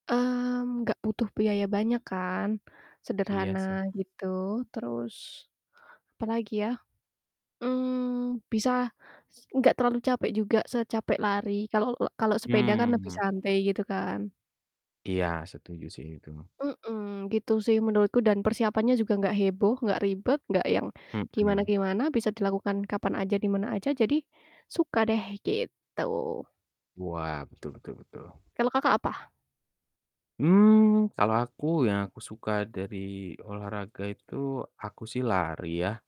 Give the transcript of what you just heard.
Mmm, gak butuh biaya banyak kan, Iya sederhana, sih. gitu. Terus, apalagi ya? Mmm, bisa s gak terlalu capek juga, secapek lari, kalo lok kalo sepeda kan lebih Mmm. santai, gitu kan. Iya, setuju sih itu. Mhm, gitu sih menurutku dan persiapannya juga gak heboh, gak ribet, gak yang Mhm. gimana-gimana, bisa dilakukan kapan aja, di mana aja, jadi suka deh gitu. Wah, betul betul betul. Kalau Kakak apa? Mmm, kalo aku yang aku suka dari olahraga itu, aku sih lari ya.